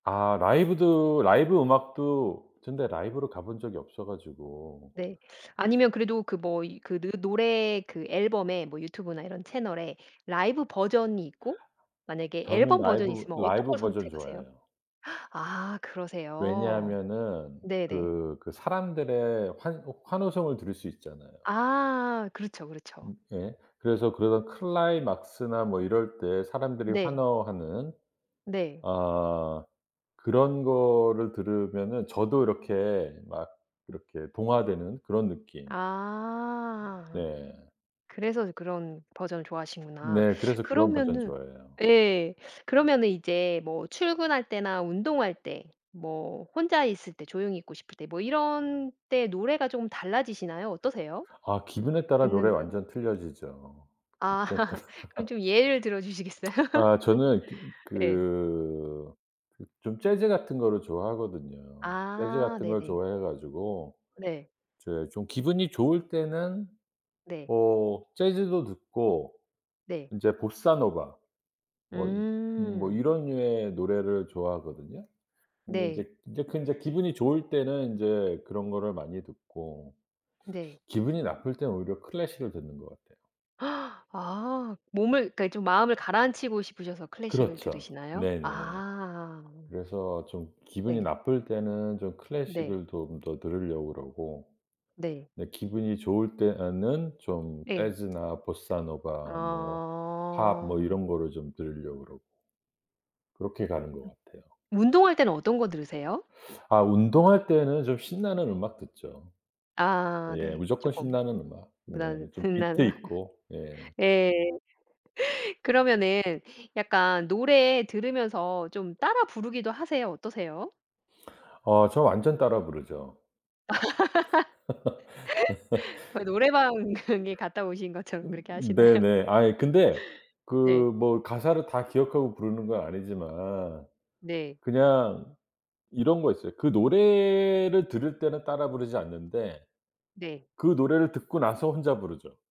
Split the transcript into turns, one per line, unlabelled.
아 라이브도 라이브 음악도 전 근데 라이브로 가본 적이 없어 가지고.
네. 아니면 그래도 그 뭐 이 그 느 노래 그 앨범에 뭐 유튜브나 이런 채널에 라이브 버전이 있고 만약에
저는
앨범 버전이
라이브,
있으면 어떤
라이브
걸
버전
선택하세요?
좋아해요.
아 그러세요?
왜냐하면은
네네.
그 그 사람들의 환호 환호성을 들을 수 있잖아요.
아. 그렇죠, 그렇죠.
음 예. 그래서 그런 클라이막스나 뭐 이럴 때 사람들이
네.
환호하는
네.
아 그런 거를 들으면은 저도 이렇게 막 이렇게 동화되는 그런 느낌.
아.
네.
그래서 그런 버전을 좋아하시는구나.
네. 그래서 그런 버전
그러면은
좋아해요.
예 그러면은 이제 뭐 출근할 때나 운동할 때 뭐 혼자 있을 때 조용히 있고 싶을 때 뭐 이런 때 노래가 좀 달라지시나요? 어떠세요?
아 기분에 따라
듣는
노래
노래가.
완전 틀려지죠.
아.
이때 따
그럼 좀 예를 들어 주시겠어요?
아 저는 좀
예.
그 그 좀 재즈 같은 거를 좋아하거든요. 재즈
아
같은 걸
네네.
좋아해 가지고
네.
이제 좀 기분이 좋을 때는
네.
뭐 재즈도 듣고
네.
인제 보사노바 뭐 이 음 뭐
음.
이런 류의 노래를 좋아하거든요. 근데
네.
인제, 인제 그건 인제 기분이 좋을 때는 인제 그런 거를 많이 듣고
네.
기분이 나쁠 땐 오히려 클래식을 듣는 것 같아요.
아 몸을 그러니까 좀 마음을 가라앉히고 싶으셔서 클래식을
그렇죠.
들으시나요?
네네.
아.
그래서 좀 기분이
네.
나쁠 때는 좀
네.
클래식을 좀 더 들으려고 그러고
네.
네 기분이 좋을 때에는 좀
네.
재즈나 보사노바 뭐 팝 뭐
아.
이런 거를 좀 들으려고 그러고. 그렇게 가는
음.
것 같아요.
운동할 땐 어떤 거 들으세요?
아 운동할 때는 좀 신나는 음악 듣죠.
아
예.
네.
무조건
쪼끔
신나는 음악 네 좀 비트 있고. 예.
[unintelligible] 예 그러면은 약간 노래 들으면서 좀 따라 부르기도 하세요? 어떠세요?
어 저 완전 따라 부르죠.
노래방에 갔다 오신 것처럼
음
그렇게 하시나요?
네네. 아이 근데 그
네.
뭐 가사를 다 기억하고 부르는 건 아니지만
네.
그냥 이런 거 있어요. 그 노래를 들을 때는 따라 부르지 않는데
네.
그 노래를 듣고 나서 혼자 부르죠.